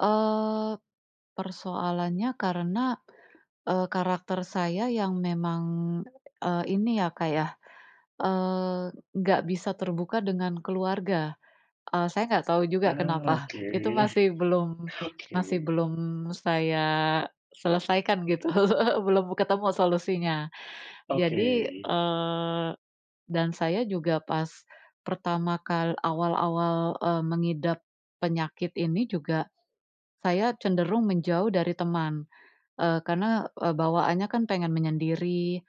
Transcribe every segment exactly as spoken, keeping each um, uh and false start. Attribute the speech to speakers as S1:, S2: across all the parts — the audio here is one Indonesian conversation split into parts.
S1: Eee, persoalannya karena, eee, karakter saya yang memang, eee, ini ya Kak ya, eee, nggak bisa terbuka dengan keluarga. Eee, saya nggak tahu juga
S2: Ah,
S1: kenapa.
S2: oke
S1: Itu masih belum
S2: oke.
S1: masih belum saya selesaikan gitu, belum ketemu solusinya.
S2: Oke.
S1: Jadi, eee, dan saya juga pas pertama kal awal-awal, eee, mengidap penyakit ini juga, saya cenderung menjauh dari teman. Eee, karena, eee, bawaannya kan pengen menyendiri,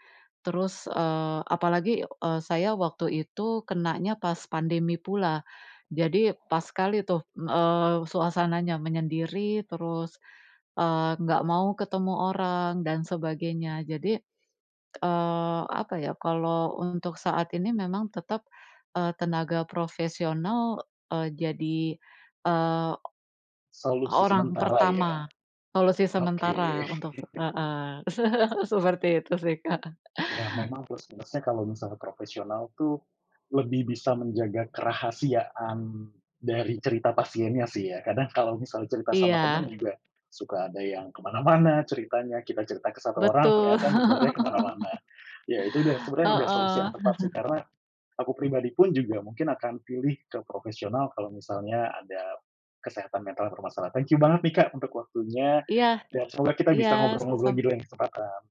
S1: terus, eee, apalagi, eee, saya waktu itu kenanya pas pandemi pula. Jadi, pas sekali tuh, m eee, suasananya, menyendiri, terus, eee, nggak mau ketemu orang dan sebagainya. Jadi, eee, apa ya, kalau untuk saat ini, memang tetap, eee, tenaga profesional, eee, jadi, eee, o
S2: Solusi
S1: orang
S2: sementara ya,
S1: pertama, solusi
S2: oke.
S1: sementara untuk heeh, seperti itu sih Kak.
S2: Iya memang plus-minusnya, kalau misalnya profesional tuh, lebih bisa menjaga kerahasiaan dari cerita pasiennya sih ya. Kadang kalau misal cerita sama teman
S1: Iya.
S2: juga, suka ada yang kemana-mana ceritanya, kita cerita ke satu orang,
S1: Betul.
S2: ternyata nyebarnya kemana-mana. Iya, itu udah, sebenarnya udah solusi
S1: Heeh.
S2: yang tepat sih, karena, aku pribadi pun juga mungkin akan pilih ke profesional kalau misalnya ada, kesehatan mental bermasalah. Thank you banget nih Kak, untuk waktunya,
S1: Iya.
S2: dan semoga kita
S1: Iya,
S2: bisa
S1: s
S2: ngobrol-ngobrol
S1: sam
S2: lagi di lain kesempatan.